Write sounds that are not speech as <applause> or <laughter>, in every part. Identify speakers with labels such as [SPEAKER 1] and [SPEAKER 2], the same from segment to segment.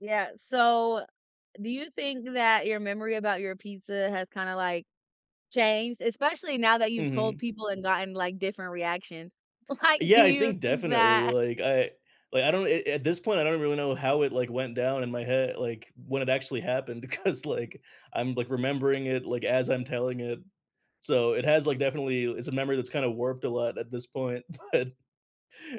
[SPEAKER 1] Yeah, so do you think that your memory about your pizza has kinda, like, changed, especially now that you've told
[SPEAKER 2] Mhm.
[SPEAKER 1] people and gotten, like, different reactions? Like, do
[SPEAKER 2] Yeah, I
[SPEAKER 1] you
[SPEAKER 2] think
[SPEAKER 1] think
[SPEAKER 2] definitely.
[SPEAKER 1] that
[SPEAKER 2] Like, I like, I don't a at this point, I don't really know how it, like, went down in my head like, when it actually happened because, like, I'm, like, remembering it, like, as I'm telling it. So it has, like, definitely it's a memory that's kinda warped a lot at this point. But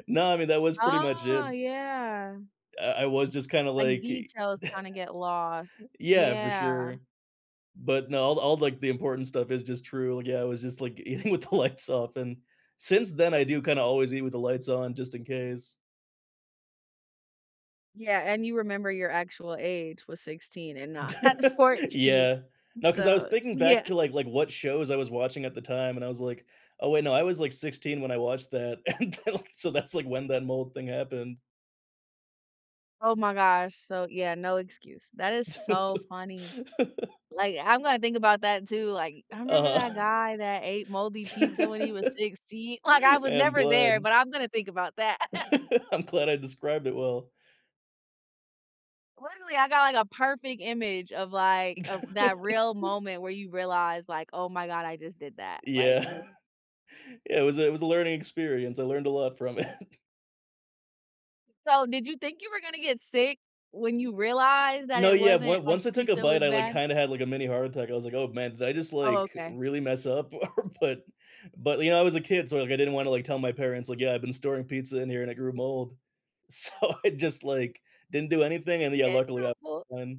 [SPEAKER 2] no, I mean, that was pretty much it.
[SPEAKER 1] Oh, yeah.
[SPEAKER 2] I I was just kinda
[SPEAKER 1] Like,
[SPEAKER 2] like i
[SPEAKER 1] details kinda get lost.
[SPEAKER 2] <laughs> Yeah, for
[SPEAKER 1] Yeah.
[SPEAKER 2] sure. But, no, all all, like, the important stuff is just true. Yeah, I was just, like, eating with the lights off and since then, I do kinda always eat with the lights on just in case.
[SPEAKER 1] Yeah, and you remember your actual age was 16 and not not
[SPEAKER 2] <laughs>
[SPEAKER 1] 14.
[SPEAKER 2] Yeah. No, 'cause I was
[SPEAKER 1] So
[SPEAKER 2] thinking back
[SPEAKER 1] yeah.
[SPEAKER 2] to,
[SPEAKER 1] <laughs>
[SPEAKER 2] like like, what shows I was watching at the time, and I was like, "Oh, wait, no, I was, like, 16 when I watched that." And then, like, so that's, like, when that mold thing happened.
[SPEAKER 1] Oh my gosh. So, yeah, no excuse. That is so funny.
[SPEAKER 2] <laughs>
[SPEAKER 1] Like, I'm gonna think about that too. Like, "I remember that
[SPEAKER 2] Uh-huh.
[SPEAKER 1] guy that ate moldy pizza when he was 16." Like, I
[SPEAKER 2] <laughs>
[SPEAKER 1] was
[SPEAKER 2] I'm
[SPEAKER 1] never there,
[SPEAKER 2] glad.
[SPEAKER 1] but I'm gonna think about that. <laughs>
[SPEAKER 2] <laughs> I'm glad I described it well.
[SPEAKER 1] Literally, I got, like, a perfect image of, like, uh that real
[SPEAKER 2] <laughs>
[SPEAKER 1] moment where you realize, like, "Oh my god, I just did that, like
[SPEAKER 2] Yeah.
[SPEAKER 1] wh"
[SPEAKER 2] <chuckles> Yeah, it was a it was a learning experience. I learned a lot from it.
[SPEAKER 1] So, did you think you were gonna get sick when you realized that
[SPEAKER 2] No,
[SPEAKER 1] it
[SPEAKER 2] yeah,
[SPEAKER 1] wasn't
[SPEAKER 2] one
[SPEAKER 1] like,
[SPEAKER 2] once
[SPEAKER 1] the
[SPEAKER 2] I took a
[SPEAKER 1] pizza
[SPEAKER 2] bite,
[SPEAKER 1] was
[SPEAKER 2] I like,
[SPEAKER 1] bad?
[SPEAKER 2] kinda had, like, a mini heart attack. I was like, "Oh, man, did I just,
[SPEAKER 1] Oh,
[SPEAKER 2] like,
[SPEAKER 1] okay.
[SPEAKER 2] really mess up? Or" but but, you know, I was a kid, so, like, I didn't wanna, like, tell my parents, like, "Yeah, I've been storing pizza in here, and it grew mold." So I just, like, didn't do anything and, yeah,
[SPEAKER 1] Yeah,
[SPEAKER 2] luckily,
[SPEAKER 1] top
[SPEAKER 2] I
[SPEAKER 1] books.
[SPEAKER 2] won.